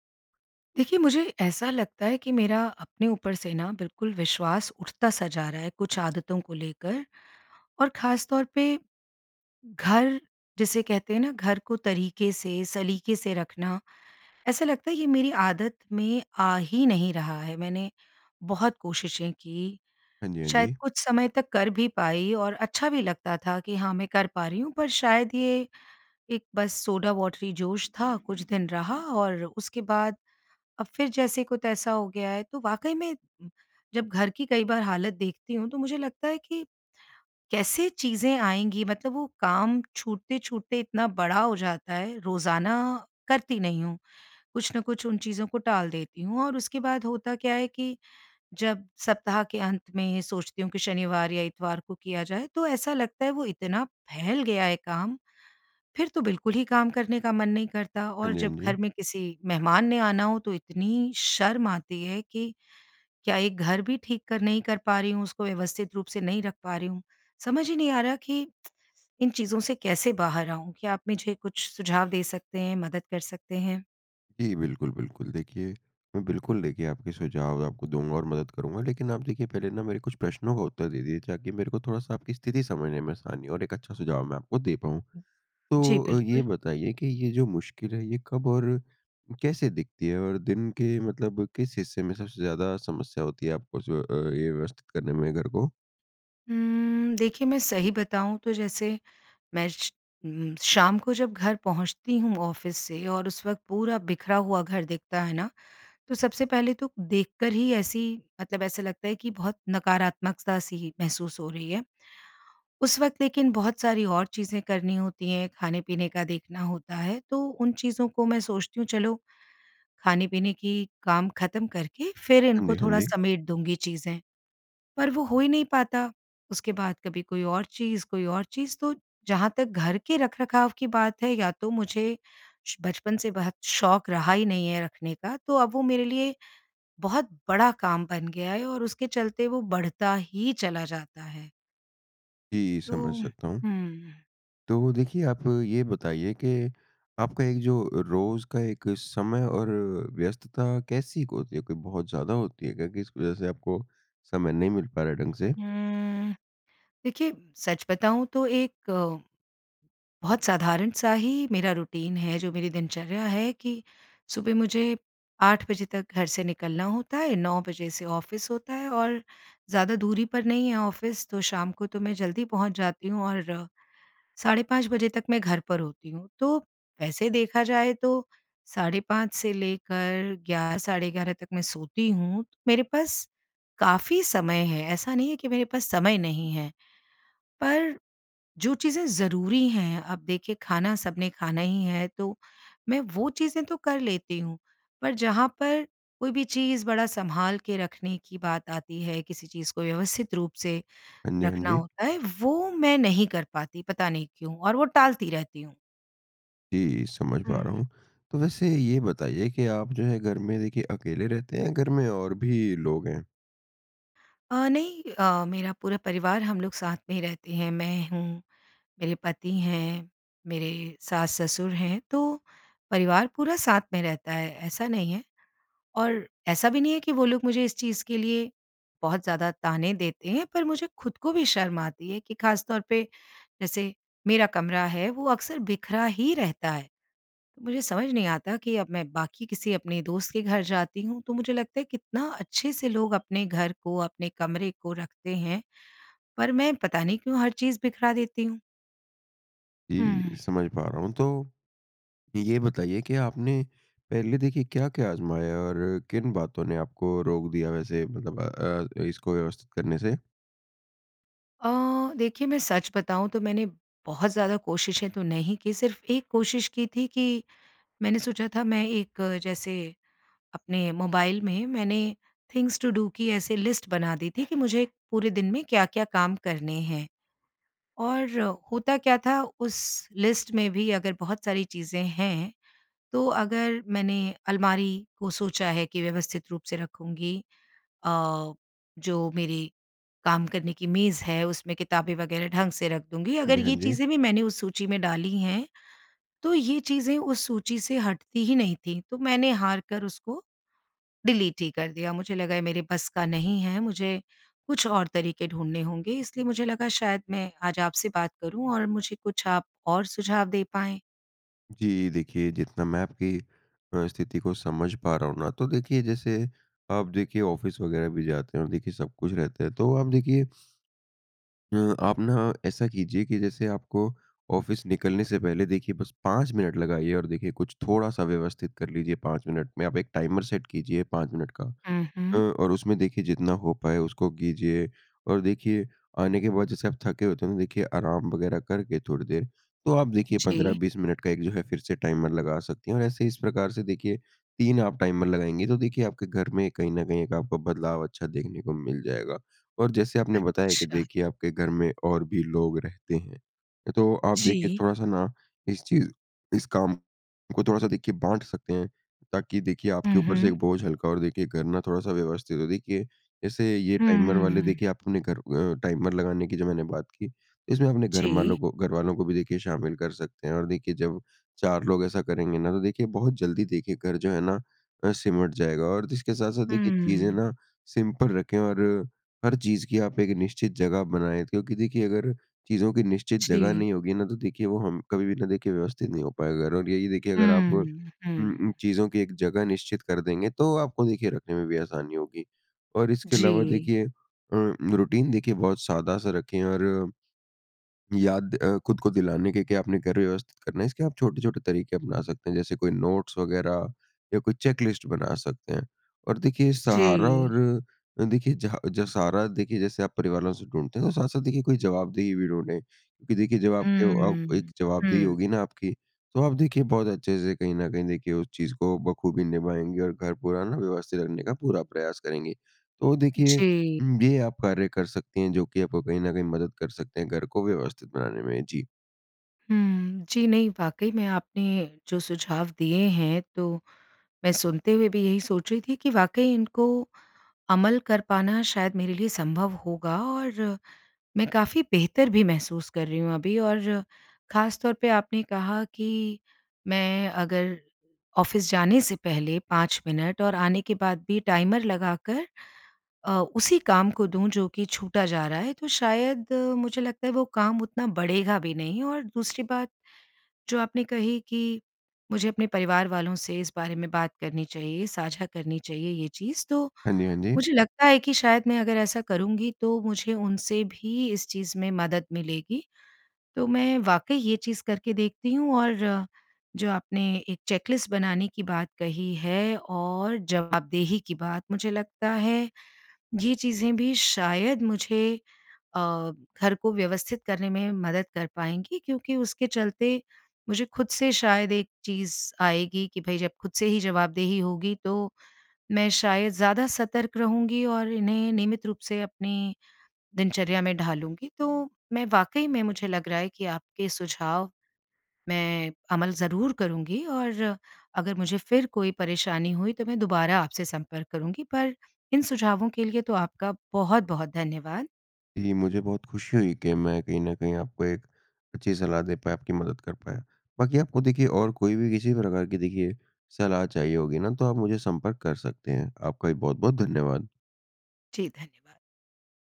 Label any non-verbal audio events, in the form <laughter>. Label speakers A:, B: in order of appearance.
A: देखिए, मुझे ऐसा लगता है कि मेरा अपने ऊपर से ना, बिल्कुल विश्वास उठता सा जा रहा है, कुछ आदतों को लेकर। और ख़ास तौर पे, घर जिसे कहते हैं ना, घर को तरीके से, सलीके से रखना, ऐसा लगता है ये मेरी आदत में आ ही नहीं रहा है। मैंने बहुत कोशिशें कीं,
B: हाँ जी, हाँ
A: शायद
B: जी।
A: कुछ समय तक कर भी पाई और अच्छा भी लगता था कि, "हाँ, मैं कर पा रही हूँ।" पर शायद ये एक बस सोडा वॉटरी जोश था। कुछ दिन रहा, और उसके बाद अब फिर जैसे को तैसा हो गया है। तो वाक़ई में जब घर की कई बार हालत देखती हूँ, तो मुझे लगता है कि कैसे चीज़ें आएँगी? मतलब वो काम छूटते-छूटते इतना बड़ा हो जाता है। रोज़ाना करती नहीं हूँ, कुछ ना कुछ उन चीज़ों को टाल देती हूँ। और उसके बाद होता क्या है कि जब सप्ताह के अंत में ये सोचती हूँ कि शनिवार या इतवार को किया जाए, तो ऐसा लगता है वो इतना फैल गया है काम, फिर तो बिल्कुल ही काम करने का मन नहीं करता।
B: हाँ
A: और
B: जी,
A: जब
B: हाँ जी।
A: घर में किसी मेहमान ने आना हो, तो इतनी शर्म आती है कि क्या, एक घर भी ठीक कर नहीं कर पा रही हूँ? उसको व्यवस्थित रूप से नहीं रख पा रही हूँ? समझ ही नहीं आ रहा कि <tsk> इन चीज़ों से कैसे बाहर आऊँ। क्या आप मुझे कुछ सुझाव दे सकते हैं, मदद कर सकते हैं?
B: जी बिल्कुल, बिल्कुल। देखिए, मैं बिल्कुल देखिए, आपके सुझाव आपको दूँगा और मदद करूँगा। लेकिन आप देखिए, पहले न मेरे कुछ प्रश्नों का उत्तर दे दीजिए, ताकि मेरे को थोड़ा-सा आपकी स्थिति समझने में आसानी हो और एक अच्छा सुझाव मैं आपको दे पाऊँ।
A: जी,
B: तो अ, ये
A: बिल्कुल।
B: बताइए कि ये जो मुश्किल है, ये कब और कैसे दिखती है? और दिन के मतलब किस हिस्से में सबसे ज़्यादा समस्या होती है आपको जो अ, ये व्यवस्थित करने में घर को?
A: उम्म, देखिए, मैं सही बताऊँ तो जैसे मैं श उम, शाम को जब घर पहुँचती हूँ ऑफ़िस से, और उस वक़्त पूरा बिखरा हुआ घर दिखता है ना, तो सबसे पहले तो देखकर ही ऐसी मतलब, ऐसे लगता है कि बहुत नकारात्मकता सी ही महसूस हो रही है। उस वक़्त लेकिन बहुत सारी और चीज़ें करनी होती हैं, खाने-पीने का देखना होता है, तो उन चीज़ों को मैं सोचती हूँ, चलो, खाने-पीने की काम ख़त्म करके फिर
B: हाँ
A: इनको
B: जी, हाँ
A: थोड़ा
B: जी।
A: समेट दूँगी चीज़ें। पर वो हो ही नहीं पाता। उसके बाद कभी कोई और चीज़, कोई और चीज़। तो जहाँ तक घर के रखरखाव की बात है, या तो मुझे श बचपन से बहुत शौक़ रहा ही नहीं है रखने का, तो अब वो मेरे लिए बहुत बड़ा काम बन गया है, और उसके चलते वो बढ़ता ही चला जाता है।
B: जी, समझ
A: तो,
B: सकता हूँ।
A: हुँ।
B: तो देखिए आप ये बताइए कि आपका एक जो रोज का एक समय और व्यस्तता कैसी होती है? कोई बहुत ज़्यादा होती है क्या? किस वज़ह से आपको समय नहीं मिल पा रहा है ढंग से?
A: हुँ, देखिए सच बताऊँ तो एक, बहुत साधारण सा ही मेरा रूटीन है, जो मेरी दिनचर्या है कि सुबह मुझे 8 बजे तक घर से निकलना होता है। 9 बजे से ऑफ़िस होता है, और ज़्यादा दूरी पर नहीं है ऑफ़िस, तो शाम को तो मैं जल्दी पहुँच जाती हूँ। और साढ़े 5 बजे तक मैं घर पर होती हूँ। तो वैसे देखा जाए तो साढ़े 5 से लेकर 11 साढ़े 11 तक मैं सोती हूँ। मेरे पास काफ़ी समय है। ऐसा नहीं है कि मेरे पास समय नहीं है। पर जो चीज़ें ज़रूरी हैं, अब देखिए खाना सबने खाना ही है, तो मैं वो चीज़ें तो कर लेती हूँ। पर जहाँ पर कोई भी चीज़ बड़ा सँभाल के रखने की बात आती है, किसी चीज़ को व्यवस्थित रूप से
B: हाँ जी, हाँ
A: रखना
B: जी।
A: होता है, वो मैं नहीं कर पाती पता नहीं क्यों और वो टालती रहती हूँ।
B: जी, समझ पा
A: हुँ।
B: रहा हूँ। तो वैसे ये बताइए कि आप जो है, घर में देखिए, अकेले रहते हैं या घर में और भी लोग हैं?
A: अ, नहीं अ, मेरा पूरा परिवार हम लोग साथ में ही रहते हैं। मैं हूँ, मेरे पति हैं, मेरे सास-ससुर हैं, तो परिवार पूरा साथ में रहता है, ऐसा नहीं है। और ऐसा भी नहीं है कि वो लोग मुझे इस चीज़ के लिए, बहुत ज़्यादा ताने देते हैं, पर मुझे खुद को भी शर्म आती है कि ख़ास तौर पे, जैसे मेरा कमरा है, वो अक्सर बिखरा ही रहता है। मुझे समझ नहीं आता कि अब मैं बाकी किसी अपने दोस्त के घर जाती हूँ तो मुझे लगता है, कितना अच्छे से लोग अपने घर को, अपने कमरे को रखते हैं। पर मैं पता नहीं क्यों हर चीज़ बिखरा देती हूँ।
B: जी,
A: हुँ।
B: समझ पा रहा हूँ। तो, ये बताइए कि आपने, पहले देखिए, क्या-क्या आज़माया और किन बातों ने आपको रोक दिया वैसे मतलब अ, इसको व्यवस्थित करने से?
A: अ, देखिए मैं सच बताऊँ तो मैंने, बहुत ज़्यादा कोशिशें तो नहीं की, सिर्फ एक कोशिश की थी कि मैंने सोचा था, मैं एक जैसे, अपने मोबाइल में मैंने थिंग्स टू डू की ऐसे लिस्ट बना दी थी कि मुझे पूरे दिन में क्या-क्या काम करने हैं। और होता क्या था, उस लिस्ट में भी अगर बहुत सारी चीज़ें हैं, तो अगर मैंने अलमारी को सोचा है कि व्यवस्थित रूप से रखूँगी अ, जो मेरी काम करने की मेज़ है, उसमें किताबें वगैरह ढंग से रख दूँगी।
B: हाँ जी,
A: अगर
B: हाँ
A: ये
B: जी।
A: चीज़ें भी मैंने उस सूची में डाली हैं, तो ये चीज़ें उस सूची से हटती ही नहीं थी। तो मैंने हार कर उसको, डिलीट ही कर दिया। मुझे लगा ये मेरे बस का नहीं है। मुझे कुछ और तरीके ढूँढ़ने होंगे। इसलिए मुझे लगा, शायद मैं आज आपसे बात करूँ और मुझे कुछ आप और सुझाव दे पाएँ।
B: जी, देखिए जितना मैं आपकी अ, स्थिति को समझ पा रहा हूँ ना, तो देखिए जैसे आप देखिए ऑफ़िस वगैरह भी जाते हों देखिए सब कुछ रहता है, तो आप देखिए अ, आप ना ऐसा कीजिए कि जैसे आपको ऑफ़िस निकलने से पहले देखिए बस 5 मिनट लगाइए और देखिए कुछ थोड़ा-सा व्यवस्थित कर लीजिए, 5 मिनट में आप एक टाइमर सेट कीजिए, 5 मिनट का
A: उ
B: अ,
A: हुँ।
B: और उसमें देखिए जितना हो पाए, उसको कीजिए। और देखिए आने के बाद, जैसे आप थके होते हैं ना तो देखिए आराम वगैरह करके थोड़ी देर, तो आप देखिए पंद्रह
A: जी।
B: बीस मिनट का एक जो है फिर से टाइमर लगा सकती हैं। और ऐसे ही इस प्रकार से देखिए, 3 आप टाइमर लगाएँगी, तो देखिए आपके घर में कहीं ना कहीं एक आपको बदलाव अच्छा देखने को मिल जाएगा। और जैसे आपने बताया कि
A: अच्छा।
B: देखिए आपके घर में और भी लोग रहते हैं, तो आप देखिए
A: जी।
B: थोड़ा-सा ना इस चीज़ इस काम को थोड़ा-सा देखिए बाँट सकते हैं, ताकि देखिए आपके
A: हुँ,
B: ऊपर से एक
A: हुँ।
B: बोझ हल्का हो और देखिए घर ना थोड़ा-सा व्यवस्थित हो। देखिए जैसे ये टाइमर वाले
A: हुँ।
B: देखिए, आप अपने घर अ, टाइमर लगाने की जो मैंने बात की इसमें अपने घरमालों
A: जी।
B: को घरवालों को भी देखिए शामिल कर सकते हैं। और देखिए जब चार लोग ऐसा करेंगे ना, तो देखिए बहुत जल्दी देखिए घर जो है ना? अ, सिमट जाएगा। और जिसके साथ-साथ देखिए चीज़ें
A: हुँ।
B: ना सिंपल रखें और हर चीज़ की आप एक निश्चित जगह बनाएँ, क्योंकि देखिए अगर चीज़ों की निश्चित जगह
A: जी।
B: नहीं होगी ना, तो देखिए वो हम कभी भी ना देखिए व्यवस्थित नहीं हो पाएगा। और यही देखिए अगर आप उ
A: हुँ,
B: उ,
A: हुँ।
B: चीज़ों की एक जगह निश्चित कर देंगे, तो आपको देखिए रखने में भी आसानी होगी। और इसके अलावा
A: जी।
B: देखिए अ, रूटीन देखिए बहुत सादा-सा रखें और याद अ, खुद को दिलाने के, के आपने घर व्यवस्थित करना है, इसके आप छोटे-छोटे तरीके अपना सकते हैं, जैसे कोई नोट्स वगैरह या कोई चेक लिस्ट बना सकते हैं। और देखिए, सहारा
A: जी।
B: और देखिए जह जो सहारा देखिए जैसे आप परिवार वालों से ढूँढते हैं, तो साथ-साथ देखिए कोई जवाबदेही भी ढूँढें, क्योंकि देखिए जब आपके अ, एक
A: हुँ,
B: जवाबदेही
A: हुँ।
B: होगी ना आपकी, तो आप देखिए बहुत अच्छे से कहीं ना कहीं देखिए उस चीज़ को बख़ूबी निभाएँगे और घर पूरा ना व्यवस्थित रखने का पूरा प्रयास करेंगे। तो देखिए
A: जी।
B: उ, ये आप कार्य कर सकती हैं, जो की आपको कहीं ना कहीं मदद कर सकते हैं घर को व्यवस्थित बनाने में, जी।
A: हुँ। जी नहीं, वाक़ई में आपने जो सुझाव दिए हैं तो मैं सुनते हुए भी यही सोच रही थी कि वाक़ई इनको अमल कर पाना शायद मेरे लिए संभव होगा, और मैं काफ़ी बेहतर भी महसूस कर रही हूँ अभी। और ख़ास तौर पे आपने कहा कि मैं अगर ऑफ़िस जाने से पहले 5 मिनट, और आने के बाद भी टाइमर लगाकर अ, उसी काम को दूँ जो कि छूटा जा रहा है, तो शायद मुझे लगता है वो काम उतना बढ़ेगा भी नहीं। और दूसरी बात जो आपने कही कि मुझे अपने परिवार वालों से इस बारे में बात करनी चाहिए, साझा करनी चाहिए ये चीज़, तो
B: हाँ जी, हाँ जी।
A: मुझे लगता है कि शायद मैं अगर ऐसा करूँगी, तो मुझे उनसे भी इस चीज़ में मदद मिलेगी। तो मैं वाक़ई ये चीज़ करके देखती हूँ। और जो आपने एक चेक लिस्ट बनाने की बात कही है, और जवाबदेही की बात मुझे लगता है ये चीज़ें भी शायद मुझे अ, घर को व्यवस्थित करने में मदद कर पाएँगी। क्योंकि उसके चलते मुझे खुद से शायद एक चीज़ आएगी कि भई, जब खुद से ही जवाबदेही होगी, तो मैं शायद ज़्यादा सतर्क रहूँगी और इन्हें नियमित रूप से अपनी दिनचर्या में ढालूँगी। तो मैं वाक़ई में मुझे लग रहा है कि आपके सुझाव मैं अमल ज़रूर करूँगी। और अगर मुझे फिर कोई परेशानी हुई, तो मैं दुबारा आपसे संपर्क करूँगी। पर इन सुझावों के लिए तो आपका बहुत-बहुत धन्यवाद।
B: जी, मुझे बहुत खुशी हुई कि मैं कहीं ना कहीं आपको 1 अच्छी सलाह दे पाया, आपकी मदद कर पाया। बाकी आपको देखिए, और कोई भी किसी प्रकार की देखिए सलाह चाहिए होगी ना, तो आप मुझे संपर्क कर सकते हैं। आपका भी बहुत-बहुत धन्यवाद।
A: जी, धन्यवाद।